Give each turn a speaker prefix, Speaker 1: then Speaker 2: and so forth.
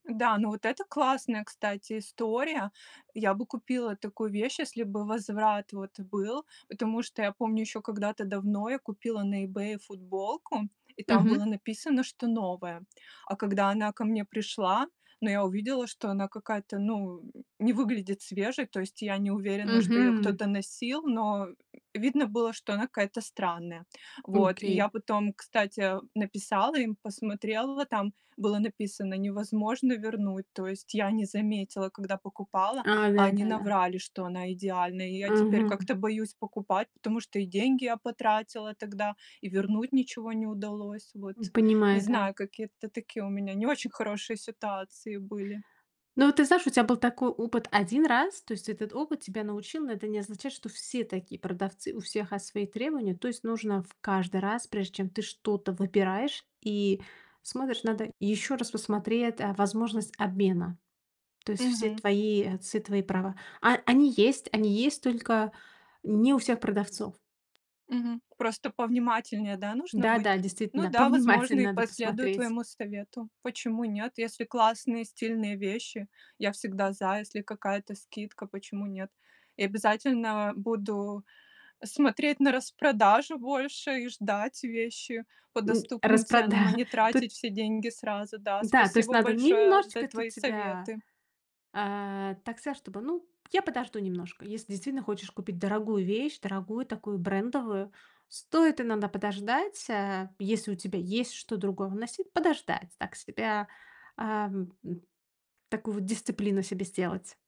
Speaker 1: Да, ну вот это классная, кстати, история. Я бы купила такую вещь, если бы возврат вот был, потому что я помню, еще когда-то давно я купила на "И Бэе" футболку, и там
Speaker 2: Мгм.
Speaker 1: было написано, что новая. А когда она ко мне пришла, ну, я увидела, что она какая-то, ну, не выглядит свежей, то есть я не уверена, что ее
Speaker 2: Мгм.
Speaker 1: кто-то носил, но, м, видно было, что она какая-то странная. Вот, и я
Speaker 2: Окей.
Speaker 1: потом, кстати, написала им, посмотрела, там было написано: "Невозможно вернуть". То есть я не заметила, когда покупала,
Speaker 2: А,
Speaker 1: а они
Speaker 2: да-да-да.
Speaker 1: наврали, что она идеальная, и я теперь
Speaker 2: Ага.
Speaker 1: как-то боюсь покупать, потому что и деньги я потратила тогда, и вернуть ничего не удалось. Вот
Speaker 2: М,
Speaker 1: не
Speaker 2: понимаю. Да.
Speaker 1: знаю, какие это такие у меня не очень хорошие ситуации были.
Speaker 2: Ну, ты знаешь, у тебя был такой опыт 1 раз. То есть этот опыт тебя научил, но это не означает, что все такие продавцы, у всех, а, свои требования, то есть нужно в каждый раз, прежде чем ты что-то выбираешь и смотришь, надо ещё раз посмотреть, а, возможность обмена. То есть все
Speaker 1: Мгм.
Speaker 2: твои отцы твои права, а а они есть, они есть, только не у всех продавцов.
Speaker 1: Мгм. Просто повнимательнее, да, нужно
Speaker 2: Да,
Speaker 1: быть?
Speaker 2: да,
Speaker 1: Ну
Speaker 2: действительно,
Speaker 1: да,
Speaker 2: повниматель
Speaker 1: возможно, и
Speaker 2: надо
Speaker 1: последую
Speaker 2: посмотреть.
Speaker 1: твоему совету, почему нет. Если классные, стильные вещи, я всегда за. Если какая-то скидка, почему нет? И обязательно буду смотреть на распродажу больше и ждать вещи по
Speaker 2: М.
Speaker 1: доступным ценам, а
Speaker 2: Распрода
Speaker 1: не
Speaker 2: тут.
Speaker 1: тратить все деньги сразу. Да,
Speaker 2: Да, то есть
Speaker 1: спасибо
Speaker 2: надо
Speaker 1: большое за
Speaker 2: немножечко
Speaker 1: твои
Speaker 2: тут себя
Speaker 1: советы.
Speaker 2: А, так сказать, чтобы, ну, я подожду немножко, если действительно хочешь купить дорогую вещь, дорогую, такую брендовую, стоит иногда подождать, а, если у тебя есть что другого носить, подождать. Так себя Ам, м. Такую вот дисциплину себе сделать.